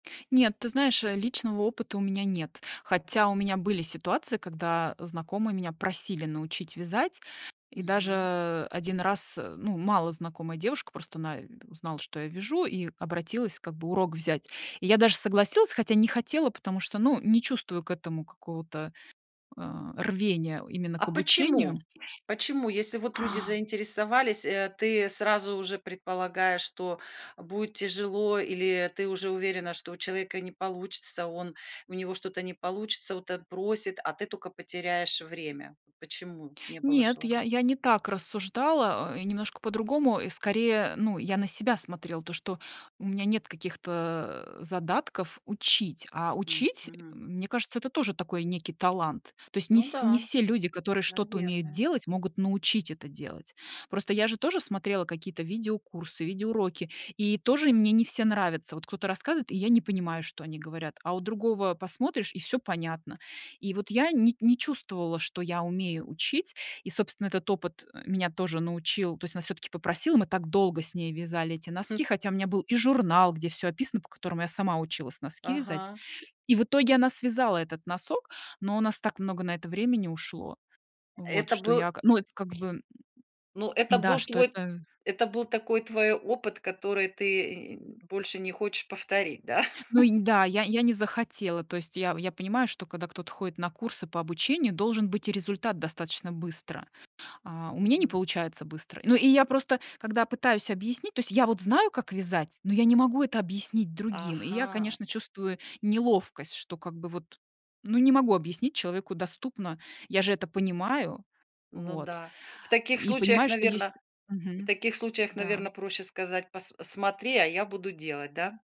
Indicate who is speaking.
Speaker 1: Нет, ты знаешь, э, личного опыта у меня нет, хотя у меня были ситуации, когда знакомые меня просили научить вязать, и
Speaker 2: Мгм.
Speaker 1: даже 1 раз, э, ну, малознакомая девушка, просто она, э, узнала, что я вяжу, и обратилась как бы урок взять. И я даже согласилась, хотя не хотела, потому что, ну, не чувствую к этому какого-то, а, рвения именно к
Speaker 2: А
Speaker 1: обучению.
Speaker 2: почему? Почему? Если вот люди
Speaker 1: А!
Speaker 2: заинтересовались, э, ты сразу уже предполагаешь, что будет тяжело или ты уже уверена, что у человека не получится, он у него что-то не получится, вот отбросит, а ты тока потеряешь время. Почему не было
Speaker 1: Нет, я
Speaker 2: желания?
Speaker 1: я не так рассуждала, э, и немножко по-другому, скорее. Ну, я на себя смотрела, то, что у меня нет каких-то задатков учить, а учить,
Speaker 2: Мгм.
Speaker 1: мне кажется, это тоже такой некий талант. То есть не
Speaker 2: Ну
Speaker 1: всь не
Speaker 2: да,
Speaker 1: все люди, которые что-то умеют
Speaker 2: наверное.
Speaker 1: делать, могут научить это делать. Просто я же тоже смотрела какие-то видеокурсы, видеоуроки, и тоже мне не все нравятся. Вот кто-то рассказывает, и я не понимаю, что они говорят, а у другого посмотришь, и всё понятно. И вот я не не чувствовала, что я умею учить. И, собственно, этот опыт меня тоже научил. То есть она всё-таки попросила, мы так долго с ней вязали эти
Speaker 2: Хм.
Speaker 1: носки, хотя у меня был и журнал, где всё описано, по которому я сама училась носки вязать.
Speaker 2: Ага.
Speaker 1: И в итоге она связала этот носок, но у нас так много на это времени ушло. Вот,
Speaker 2: Это
Speaker 1: что
Speaker 2: был
Speaker 1: я, ка ну это, как бы, м,
Speaker 2: Ну, это
Speaker 1: м, да,
Speaker 2: был
Speaker 1: что
Speaker 2: твой
Speaker 1: это
Speaker 2: это был такой твой опыт, который ты и и нь больше не хочешь повторить, да?
Speaker 1: Ну и, да, я я не захотела. То есть я я понимаю, что когда кто-то ходит на курсы по обучению, должен быть и результат достаточно быстро. А у меня не
Speaker 2: Мгм.
Speaker 1: получается быстро. Ну и я просто, когда пытаюсь объяснить, то есть я вот знаю, как вязать, но я не могу это объяснить другим. И я,
Speaker 2: Ага.
Speaker 1: конечно, чувствую неловкость, что как бы вот, ну, не могу объяснить человеку доступно. Я же это понимаю.
Speaker 2: Ну
Speaker 1: Вот,
Speaker 2: да, в таких
Speaker 1: и
Speaker 2: случаях,
Speaker 1: понимаю, что есть
Speaker 2: наверно В
Speaker 1: мгм,
Speaker 2: таких случаях, наверно,
Speaker 1: да.
Speaker 2: проще сказать: "Пас смотри, а я буду делать". Да?